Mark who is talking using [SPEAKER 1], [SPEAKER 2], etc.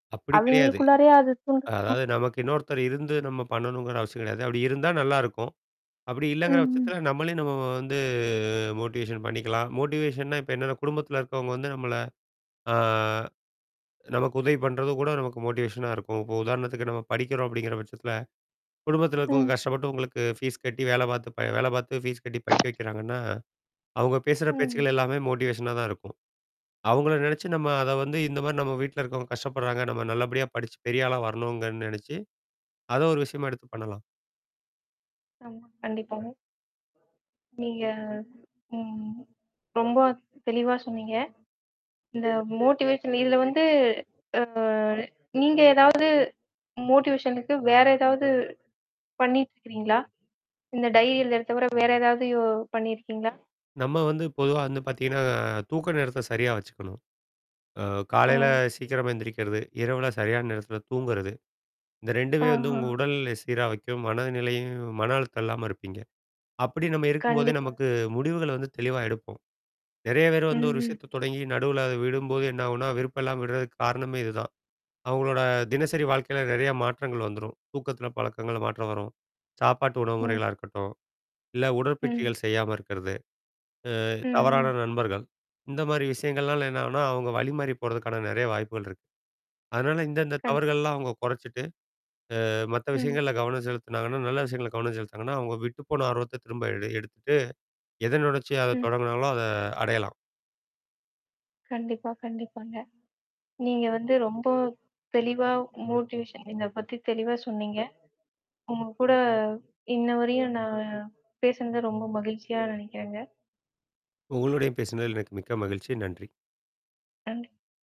[SPEAKER 1] அப்படி கிடையாது.
[SPEAKER 2] அவைங்களுக்குள்ளாரயே அது தூண்டு
[SPEAKER 1] அ
[SPEAKER 2] அ
[SPEAKER 1] அதாவது, நமக்கு இன்னொருத்தர் இருந்து நம்ம பண்ணணுங்கிற அவசியம் கெடையாது. அப்படி இருந்தா நல்லாயிருக்கும்! அப்படி
[SPEAKER 2] ம்
[SPEAKER 1] இல்லைங்கிற
[SPEAKER 2] ம்.
[SPEAKER 1] பட்சத்தில, நம்மளே நம்ம வ வந்து மோட்டிவேஷன் பண்ணிக்கலாம். மோட்டிவேஷன்னா இப்ப என்ன? குடும்பத்தில இருக்கிறவங்க வந்து நம்மளை, அ நமக்கு உதவி பண்ணுறதும் கூட நமக்கு மோட்டிவேஷனா இருக்கும். இப்ப உதாரணத்துக்கு, நம்ம படிக்கிறோம் அப்படீங்கிற பட்சத்தில, குடும்பத்தில இருக்கவங்க
[SPEAKER 2] ம்.
[SPEAKER 1] கஷ்டப்பட்டு உங்களுக்கு ஃபீஸ் கட்டி, வேலை பாத்து ப வேலை பாத்து, ஃபீஸ் கட்டி படிக்க வைக்கிறாங்கன்னா, அவுங்க பேசுற
[SPEAKER 2] ம்.
[SPEAKER 1] பேச்சுக்கள் எல்லாமே மோட்டிவேஷனா தான் இருக்கும். அவுங்கள நெனச்சு நம்ம அத வந்து இந்த மாரி நம்ம வீட்ல இருக்கவங்க கஷ்டப்படுறாங்க, நம்ம நல்லபடியா படிச்சு, பெரிய ஆளா வரணுங்கன்னு நெனைச்சு, அதை ஒரு விஷயமா எடுத்து பண்ணலாம்
[SPEAKER 2] ஆமா. கண்டிப்பாங்க. நீங்க ம் ரொம்ப தெளிவா சொன்னீங்க. இந்த மோட்டிவேஷன் இதில வந்து அ நீங்க ஏதாவது மோட்டிவேஷனுக்கு வேற ஏதாவது பண்ணீட்டு இருக்கிறீங்களா? இந்த டைரி எழுதுறத தவிர வேற ஏதாவது யோ பண்ணீயிருக்கீங்களா?
[SPEAKER 1] நம்ம வந்து பொதுவா வந்து பாத்தீங்கன்னா, தூக்க நேரத்தை சரியா வச்சுக்கணும். அ
[SPEAKER 2] ஓ!
[SPEAKER 1] காலையில
[SPEAKER 2] சரி
[SPEAKER 1] சீக்கிரமா
[SPEAKER 2] சிறப்பு
[SPEAKER 1] எந்திரிக்கிறது, இரவில சரியான நேரத்தில தூங்குறது. இந்த 2மே வந்து
[SPEAKER 2] ஆஹா.
[SPEAKER 1] உங்க உடல் நிலைய சீரா வைக்கும், மனநிலையும் மன அழுத்தம் இல்லாம இருப்பீங்க. அப்படி நம்ம இருக்கும்போதே,
[SPEAKER 2] கண்டிப்பா.
[SPEAKER 1] நமக்கு முடிவுகளை வந்து தெளிவா எடுப்போம். நெறையா பேர் வந்து ஒரு
[SPEAKER 2] ம்ஹ்ம்.
[SPEAKER 1] விஷயத்தை தொடங்கி, நடுவுல அதை விடும்போது என்னாகும்ன்னா? விருப்பம் இல்லாம விடுறதுக்கு காரணமே இதுதான். அவுங்களோட தினசரி வாழ்க்கையில நெறையா மாற்றங்கள் வந்துரும். தூக்கத்தில பழக்கங்கள்ல மாற்றம் வரும். சாப்பாட்டு உணவுமுறைகளா
[SPEAKER 2] ம்.
[SPEAKER 1] இருக்கட்டும், இல்லை
[SPEAKER 2] ம்.
[SPEAKER 1] உடற்பயிற்சிகள் செய்யாம இருக்கறது. அ
[SPEAKER 2] ம் ம்.
[SPEAKER 1] தவறான நண்பர்கள், இந்த மாதிரி விஷயங்கள்னால என்னாகும்ன்னா, அவுங்க வழி மாறி போறதுக்கான நெறையா வாய்ப்புகள் இருக்கு. அதனால இந்த இந்த
[SPEAKER 2] கண்டிப்பா.
[SPEAKER 1] தவறுகள்லாம் அவங்க கொறைச்சிட்டு, அ மத்த
[SPEAKER 2] ம்.
[SPEAKER 1] விஷயங்கள்ல கவனம் செலுத்துனாங்கன்னா நல்ல விஷயங்கள்ல கவனம் செலுத்துனாங்கன்னா, அவுங்க விட்டு போன ஆர்வத்த திரும்ப எடு எடுத்துட்டு, எத நெனச்சு அத
[SPEAKER 2] ம்.
[SPEAKER 1] தொடங்குனாங்களோ அத அடையலாம்.
[SPEAKER 2] கண்டிப்பா, கண்டிப்பாங்க. நீங்க வந்து ரொம்ப தெளிவா மோட்டிவேஷன் இத பத்தி தெளிவா சொன்னீங்க. உங்க கூட, இன்னவரையும் நான் பேசுனது ரொம்ப மகிழ்ச்சியா நெனைக்கிறேங்க.
[SPEAKER 1] உங்களோடயும் பேசினதில எனக்கு மிக்க மகிழ்ச்சி. நன்றி.
[SPEAKER 2] நன்றி.